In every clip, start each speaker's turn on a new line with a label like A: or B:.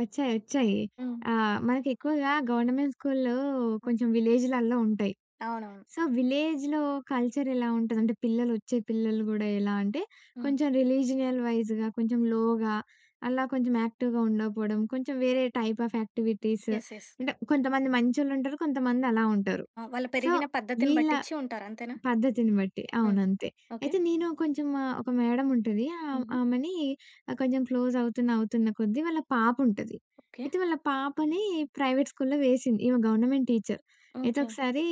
A: ఒచ్చాయి. ఒచ్చాయి.
B: హ్మ్.
A: ఆహ్, మనకి ఎక్కువగా గవర్నమెంట్ స్కూల్‌లో
B: హ్మ్.
A: కొంచెం విలేజ్‌లల్లో ఉంటాయి.
B: అవునవును.
A: సో విలేజ్‌లో కల్చర్ ఎలా ఉంటదంటే, పిల్లలొచ్చే పిల్లలు గూడా ఎలా అంటే
B: హ్మ్.
A: కొంచెం రిలీజినల్ వైజ్‌గా కొంచెం లోగా అలా కొంచెం యాక్టివ్‌గా ఉండకపోవడం, కొంచెం వేరే type of activities,
B: yes. Yes.
A: అంటే కొంతమంది మంచోళ్ళుంటారు, కొంతమందలా ఉంటారు.
B: ఆ! వాళ్ళు
A: సో,
B: పెరిగిన పద్ధతిని
A: వీళ్ళ
B: బట్టిచ్చి ఉంటారు అంతేనా?
A: పద్ధతిని బట్టి.
B: హ్మ్.
A: అవును. అంతే.
B: ఓకే.
A: అయితే నేను కొంచెం ఒక మేడముంటది ఆహ్,
B: హుహు.
A: ఆమెనీ, ఆహ్, కొంచెం క్లోజవుతున్న, అవుతున్న కొద్దీ వాళ్ళ పాపుంటది.
B: ఓకే.
A: అయితే వాళ్ళ పాపని ప్రైవేట్ స్కూల్‌లో వేసింది. ఈమె గవర్నమెంట్ టీచర్. అయితే
B: ఓకే.
A: ఒకసారి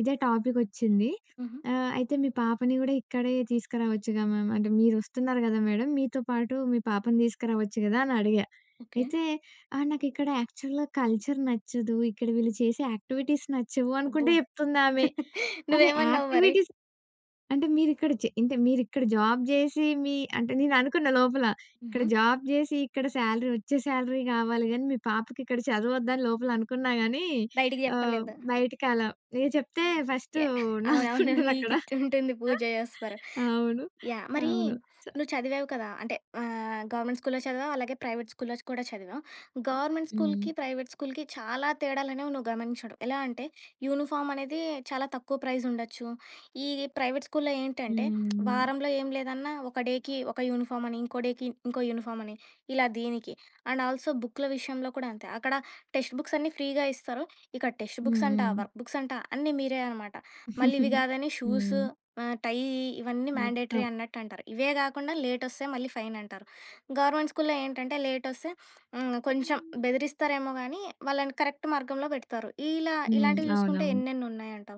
A: ఇదే టాపికొచ్చింది.
B: హుహు.
A: ఆహ్, అయితే మీ పాపని కూడా ఇక్కడే తీసుకురావచ్చుగా మ్యామ్ అంటే, మీరొస్తున్నారు కదా! మేడం మీతో పాటు మీ పాపను తీసుకురావచ్చు కదా! అని అడిగా.
B: ఓకే.
A: అయితే ఆహ్, నాకిక్కడ యాక్చువల్‌గా కల్చర్ నచ్చదు. ఇక్కడ వీళ్ళు చేసే యాక్టివిటీస్ నచ్చవు అనుకుంట
B: అబ్బో!
A: చెప్తుందామె. అరే!
B: నువ్వేమన్నావ్ మరి?
A: యాక్టివిటీస్ అంటే మీరిక్కడ జే అంటే మీరిక్కడ జాబ్ జేసి, మీ అంటే నేననుకున్న లోపల
B: హుహు.
A: ఇక్కడ జాబ్ జేసి ఇక్కడ సాలరీ వచ్చే సాలరీ కావాలి గాని, మీ పాపకి ఇక్కడ చదువొద్దా? అని లోపల అనుకున్నా గానీ,
B: బయటికి
A: ఆహ్,
B: చెప్పలేదు.
A: బయటకి అలా ఎ చెప్తే ఫస్ట్
B: యాహ్! అవునవును.
A: నాకుంటదక్కడ
B: నీకిచుంటుంది పూజ చేస్తారు.
A: అవును.
B: యాహ్! మరి
A: అవును. చ
B: నువ్వు చదివావు కదా! అంటే ఆహ్, గవర్నమెంట్ స్కూల్‌లో‌ చదివావు, అలాగే ప్రైవేట్ స్కూల్‌లో కూడా చదివావు. గవర్నమెంట్ స్కూల్‌కి,
A: హ్మ్.
B: ప్రైవేట్ స్కూల్‌కి చాలా తేడాలనేవి నువ్వు గమనించడం ఎలా అంటే యూనిఫామ్ అనేది చాలా తక్కువ ప్రైజ్ ఉండొచ్చు. ఈ ప్రైవేట్ స్కూల్‌లో ఏంటంటే,
A: హ్మ్.
B: వారంలో ఏం లేదన్నా ఒక డేకి ఒక యూనిఫామని, ఇంకో డేకి ఇంకో యూనిఫామని, ఇలా దీనికి అండ్ ఆల్సో బుక్కుల విషయంలో కూడా అంతే అక్కడ టెక్స్ట్ బుక్స్ అన్నీ ఫ్రీగా ఇస్తారు. ఇక్కడ టెక్స్ట్
A: హ్మ్.
B: బుక్స్ అంట,
A: హ్మ్.
B: వర్క్ బుక్స్ అంటా అన్నీ మీరే అనమాట. మళ్ళీ ఇవి కాదని షూసు,
A: హ్మ్.
B: ఆహ్, టైయ్యీ ఇవన్నీ మ్యాండేటరీ
A: మొత్తం.
B: అన్నట్టంటారు. ఇవే గాకుండా లేటొస్తే మళ్ళీ ఫైనంటారు. గవర్నమెంట్ స్కూల్‌లో ఏంటంటే లేటొస్తే హ్మ్. కొంచెం బెదిరిస్తారేమో గానీ వాళ్ళని కరెక్ట్ మార్గంలో పెడతారు. ఇలా
A: హ్మ్.
B: ఇలాంటివి చూసుకుంటే
A: అవునవును.
B: ఎన్నెన్నున్నాయంటావు.